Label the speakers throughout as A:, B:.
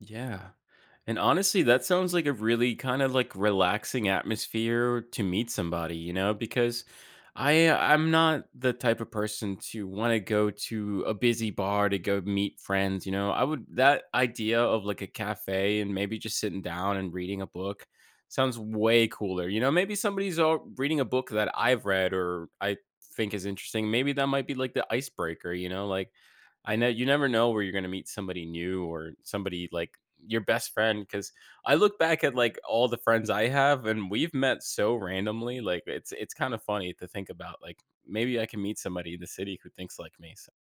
A: Yeah, and honestly, that sounds like a really, kinda, like, relaxing atmosphere to meet somebody, you know? Because I I'm not the type of person to wanna go to a busy bar to go meet friends, you know? I would that idea of, like, a cafe, and maybe just sitting down and reading a book, sounds way cooler, you know maybe somebody's, uh, reading a book that I've read, or I think is interesting, maybe that might be, like, the icebreaker, you know? Like, I kn you never know where you're gonna meet somebody new, or somebody, like, your best friend, 'cause I look back at, like, all the friends I have, and we've met so randomly, like, it's it's kind of funny to think about, like, maybe I can meet somebody in the city who thinks like me, so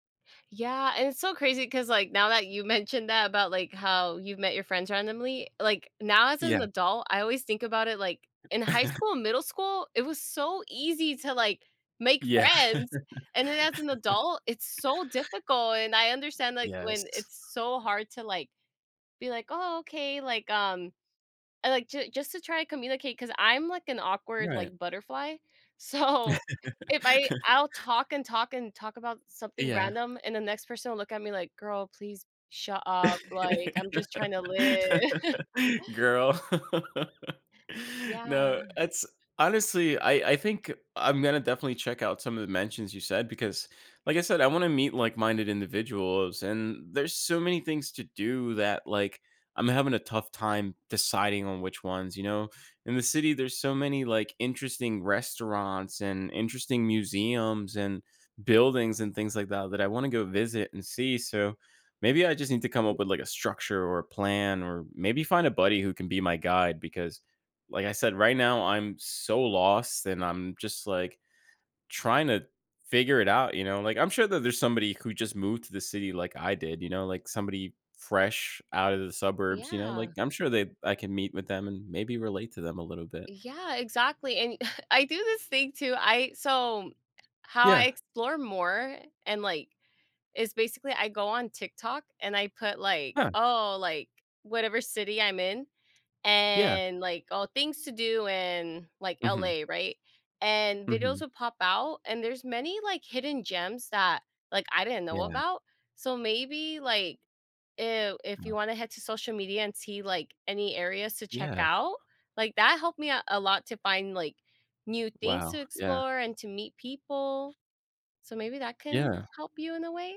B: Yeah, and it's so crazy, 'cause, like, now that you mentioned that, about, like, how you've met your friends randomly, like, now as
A: Yeah.
B: an adult, I always think about it, like, in high school and middle school, it was so easy to, like, make
A: Yeah.
B: friends! And then as an adult, it's so difficult, and I understand, like, when
A: Yes.
B: it's so hard to, like, be like, "Oh, okay," like, um and like, ju just to try and communicate, 'cause I'm, like, an awkward,
A: Right.
B: like, butterfly, so, if I I'll talk and talk and talk about something
A: Yeah.
B: random, and the next person will look at me like, "Girl, please shut up, like, I'm just trying to li"
A: Girl
B: Yeah.
A: No, it's honestly, I I think I'm gonna definitely check out some of the mentions you said, because, like I said, I wanna meet like-minded individuals, and there's so many things to do that, like, I'm having a tough time deciding on which ones, you know? In the city, there's so many, like, interesting restaurants, and interesting museums, and buildings, and things like that, that I wanna go visit and see, so, maybe I just need to come up with, like, a structure, or a plan, or maybe find a buddy who can be my guide, because, like I said, right now, I'm so lost, and I'm just, like, trying to figure it out, you know? Like, I'm sure that there's somebody who just moved to the city like I did, you know, like somebody fresh out of the suburbs, you know,
B: Yeah.
A: like I'm sure they I can meet with them, and maybe relate to them a little bit.
B: Yeah, exactly, and I do this thing too, I so, how I
A: Yeah.
B: explore more, and, like is basically, I go on TikTok, and I put, like,
A: Huh.
B: "Oh," like, whatever city I'm in
A: Yeah.
B: and like, "Oh, things to do in, like,
A: Mhm.
B: LA," right? And videos
A: Mhm.
B: will pop out, and there's many, like, hidden gems that, like, I didn't know
A: Yeah.
B: about, so maybe, like, i if you
A: Mm.
B: wanna head to social media, and see, like, any areas to check
A: Yeah.
B: out, like, that helped me out a lot to find, like, new things to
A: Wow, yeah.
B: explore, and to meet people, so maybe that can
A: Yeah.
B: help you in a way?